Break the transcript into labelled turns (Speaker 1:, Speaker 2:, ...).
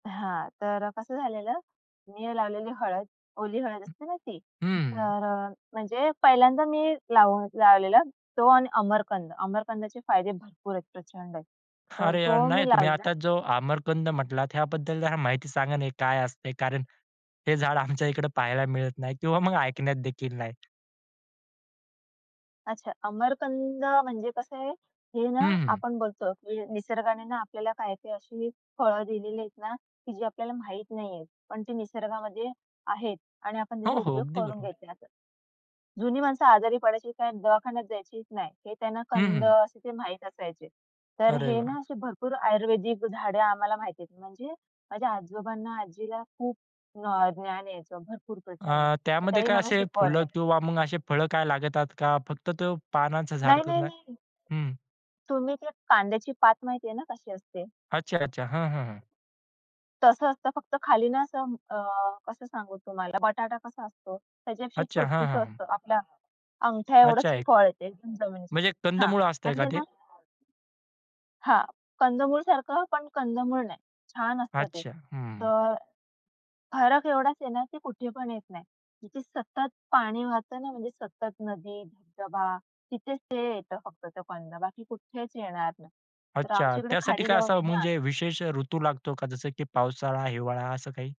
Speaker 1: हां, तर कसं झालेलं, मी लावलेली हळद, ओली हळद
Speaker 2: हं,
Speaker 1: असते ना ती.
Speaker 2: हं.
Speaker 1: तर अ, म्हणजे पहिल्यांदा मी लावून लावलेला. तो आणि अमरकंद. अमरकंदाचे फायदे भरपूर आहेत, प्रचंड आहेत. तर
Speaker 2: अरे यार
Speaker 1: तो
Speaker 2: नाही,
Speaker 1: मी
Speaker 2: तुम्ही
Speaker 1: लावलेला.
Speaker 2: आता जो आमरकंद म्हटलात ह्याबद्दल जरा माहिती सांगा ना, हे काय असतंय, कारण हे झाड आमच्या इकडे पाहायला मिळत नाही किंवा मग ऐकण्यात देखील नाही.
Speaker 1: अच्छा, अमरकंद म्हणजे कसं आहे, हे ना,
Speaker 2: हं.
Speaker 1: आपण बोलतो निसर्गाने ना, आपल्याला काय-काय अशी फळं दिलेली आहेत ना, की जी आपल्याला माहीत नाहीयेत. पण ती निसर्गामध्ये आहेत आणि आपण
Speaker 2: हो,
Speaker 1: त्याचा
Speaker 2: हो.
Speaker 1: उपयोग
Speaker 2: अगदी
Speaker 1: करून
Speaker 2: बरोबर.
Speaker 1: घ्यायचे असं. जुनी माणसं आजारी पडायची काय दवाखान्यात जायचीच नाही. ते त्यांना
Speaker 2: हं,
Speaker 1: कंद
Speaker 2: हं.
Speaker 1: असे ते माहीत असायचे. तर
Speaker 2: अरे
Speaker 1: हे ना,
Speaker 2: वाह!
Speaker 1: असे भरपूर आयुर्वेदिक झाडं आम्हाला माहिती आहेत. म्हणजे माझ्या आजोबांना, आजीला खूप नॉ ज्ञान याचं भरपूर प्रचंड.
Speaker 2: अ,
Speaker 1: तर
Speaker 2: त्यामध्ये
Speaker 1: त्यांनी
Speaker 2: काय
Speaker 1: मला
Speaker 2: असे फुलं
Speaker 1: शिकवलंय.
Speaker 2: किंवा मग अशी फळं काय लागतात, का फक्त तो पानांचा झाड
Speaker 1: नाही, नाही,
Speaker 2: करून आहे?
Speaker 1: नाही.
Speaker 2: हं.
Speaker 1: तुम्ही ते कांद्याची पात माहितीये ना, कशी असते?
Speaker 2: अच्छा, अच्छा. हं, हं, हं.
Speaker 1: तसं असतं, फक्त खाली ना, असं अ, कसं सांगू तुम्हाला? बटाटा कसा असतो, त्याच्यापेक्षा
Speaker 2: अच्छा, हां,
Speaker 1: छोटूसं
Speaker 2: हां, हां.
Speaker 1: असतं. आपल्या
Speaker 2: अच्छा
Speaker 1: अंगठ्याएवढंच
Speaker 2: एक
Speaker 1: फळ येते जमिनीतून
Speaker 2: म्हणजे
Speaker 1: हां,
Speaker 2: कंदमूळ असतंय
Speaker 1: आणि
Speaker 2: का
Speaker 1: ते
Speaker 2: ते?
Speaker 1: ना हां, कंदमूळसारखं पण कंदमूळ नाही. छान असतं ते.
Speaker 2: अच्छा. हं.
Speaker 1: तर फरक एवढाच आहे ना, की कुठे पण येत नाही. जिथे सतत पाणी वाहतं ना, म्हणजे सतत नदी, धबधबा, तिथेच ते येतं फक्त तो कंद, बाकी कुठेच येणार नाही. तर
Speaker 2: अच्छा
Speaker 1: आमची इकडे
Speaker 2: त्यासाठी
Speaker 1: खाडी
Speaker 2: काय
Speaker 1: जवळ
Speaker 2: असा
Speaker 1: आहे ना.
Speaker 2: म्हणजे विशेष अ, ऋतू लागतो का? जसं की पावसाळा हिवाळा असं काही?